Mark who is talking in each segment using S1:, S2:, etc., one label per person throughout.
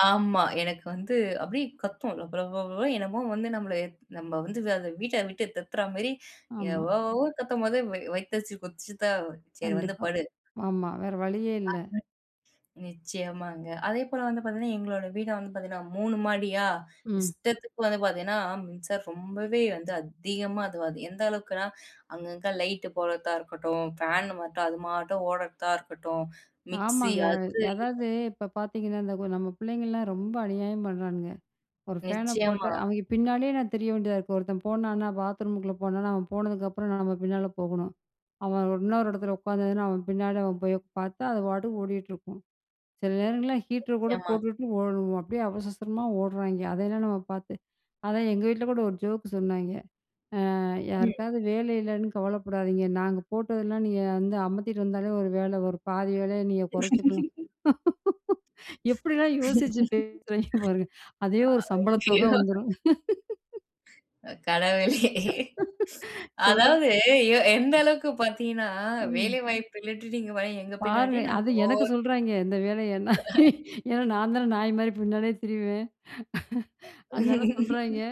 S1: ஆமா. எனக்கு வந்து அப்டியே கத்தும். லபலப என்னமோ வந்து நம்மள நம்ம வந்து அத வீட்ட விட்டு தொறத்துற மாரி
S2: ஆமா.
S1: எவ்வளோவோ கத்தும்போது, வ வயித்த அடிச்சு கொதிச்சிதான். சரி வந்து
S2: கண்டிப்பா.
S1: படு.
S2: ஆமா, வேற வழியே
S1: அ
S2: இல்ல.
S1: ம். நிச்சியமாங்க. அதேபோல வந்து பார்த்தீங்கன்னா, எங்களோட வீடு வந்து பார்த்தீங்கன்னா 3 மாடியா
S2: ம்.
S1: இஷ்டத்துக்கு வந்து பார்த்தீங்கன்னா, மின்சாரம் ரொம்பவே வந்து அதிகமா அதுவாது எந்த அளவுக்குன்னா அங்கங்கே லைட் போடுறதா இருக்கட்டும், ஃபேன் மட்டும் அது மாட்டும் ஓடுறதா இருக்கட்டும், மிக்ஸி
S2: ஆமாங்க.
S1: அது இது
S2: அதாவது இப்ப பார்த்தீங்கன்னா, இந்த நம்ம பிள்ளைங்கலாம் ரொம்ப அநியாயம் பண்றானுங்க. ஒரு ஃபேனை போட்ட
S1: நிச்சியமா.
S2: அவங்க பின்னாடியே நான் திரிய வேண்டியதா இருக்குது. ஒருத்தன் போனானா பாத்ரூமுக்குள்ள போனானா அவன் போனதுக்கு அப்புறம் நம்ம பின்னால போகணும். அவன் இன்னொரு இடத்துல உட்காந்துதுனா அவன் பின்னால அவன் போய் பார்த்தா அது பாட்டுக்கு ஓடிகிட்டிருக்கும். சில நேரங்கள்ல ஹீட்டர் கூட
S1: நிச்சியமா.
S2: போட்டுட்டு ஓட அப்டியே அவசர அவசரமா ஓடுறாய்ங்கெ. அதெல்லாம் நம்ம பார்த்து. அதான் எங்க வீட்ல கூட ஒரு ஜோக்கு சொன்னாய்ங்க. அ
S1: ம்.
S2: யாருக்காவது வேலை இல்லைன்னு கவலைப்படாதீங்க. நாங்க போட்டதெல்லாம் நீங்க வந்து அமத்திட்டு வந்தாலே ஒரு வேல ஒரு பாதி வேலயை நீங்க கொறைச்சுக்கலாம். எப்டிலாம் யோசிச்சு பேசுறாய்ங்கெ பாருங்க. அதே ஒரு சம்பளத் தொக
S1: ஐயோ!
S2: வந்துரும்.
S1: அ கடவுளே!
S2: சொல்றேன்.
S1: அதாவது எ எந்த அளவுக்கு பாத்தீங்கன்னா,
S2: ம்.
S1: வேலை வாய்ப்பு இல்லன்ட்டு நீங்க ப எங்க
S2: பாருங்க,
S1: பின்னாடியே
S2: அது எனக்கு
S1: ஓர்
S2: சொல்றாய்ங்கே. இந்த வேலைய நான் ஏன்னா நான்தான நாய் மாரி பின்னாடியே திரிவேன். அதனால சொல்றாய்ங்க,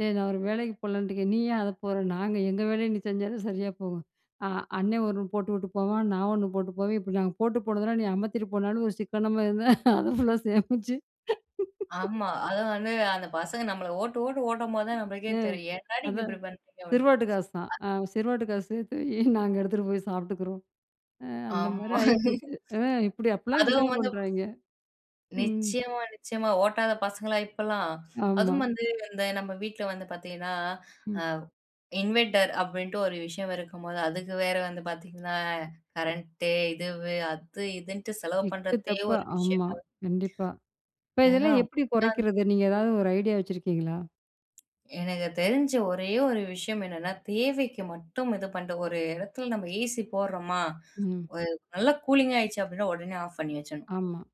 S2: டேய் நான் ஒரு வேலைக்கு போகலன்னுட்டுருக்கேன். நீ ஏன் அத போற? நாங்க எங்க வேலைய நீ செஞ்சாலே சரியா போகும். ஆ அண்ணனே ஒண்ணு போட்டுவுட்டு போவான். நான் ஒண்ணு போட்டு போவேன். இப்ப நாங்க போட்டு போனதெல்லாம் நீ அமத்திட்டு போனாலும் ஒரு சிக்கனமா இருந்த அத ஃபுல்லா சேமிச்சு,
S1: ஆமா. அது வந்து, அந்த பசங்க நம்மள ஓட்டு ஓட்டு ஓட்டும்போது தான் நமளுக்கே
S2: ஆ
S1: தெரியும். ஏன்டா நீங்க
S2: அதான்
S1: இப்டி பண்ணுறீங்க? அப்டின்
S2: சிறுவாட்டு காசாம்
S1: அ.
S2: ஆ சிறுவாட்டு காசு சேர்த்து வையி நாங்க எடுத்துகிட்டு போய் சாப்பிட்டுக்கிறோம். அ அந்த மாரி
S1: ஆமா
S2: ஆயி போச்சு ம் இப்டி அப்டிலாம்
S1: அதுவும்
S2: கிண்டல்
S1: வந்து
S2: பண்ணுறாய்ங்கே ம்.
S1: நிச்சியமா, நிச்சியமா. ஓட்டாத பசங்களா இப்பல்லாம்.
S2: ஆமா.
S1: அதுவும் வந்து, நம்ம வீட்ல வந்து பார்த்தீங்கன்னா
S2: ம்.
S1: அ இன்வெர்டர் அப்டின்ட்டு ஒரு விஷயம் இருக்கும்போது, அதுக்கு வேற வந்து பார்த்தீங்கன்னா கரண்ட் இதுவு அது இதுன்ட்டு செலவு
S2: எக்கு
S1: பண்றதே
S2: தப்பா.
S1: ஒரு
S2: ஆமா,
S1: விஷயங்கள்.
S2: கண்டிப்பா. இப்ப
S1: ஏன்னா,
S2: இதெல்லாம் எப்டி
S1: [unintelligible]
S2: கொறைக்கிறது? நீங்க ஏதாவது ஒரு ஐடியா வச்சுருக்கீங்களா?
S1: எனக்கு தெரிஞ்ச ஒரே ஒரு விஷயம் என்னன்னா, தேவைக்கு மட்டும் இது பண்ற ஒரு எடத்துல நம்ம ஏசி போட்றோமா
S2: ம்.
S1: ஒரு நல்ல கூலிங் ஆயிடுச்சு அப்டின்னா, ஓடனே ஆஃப் பண்ணி வச்சுரணும்.
S2: ஆமா.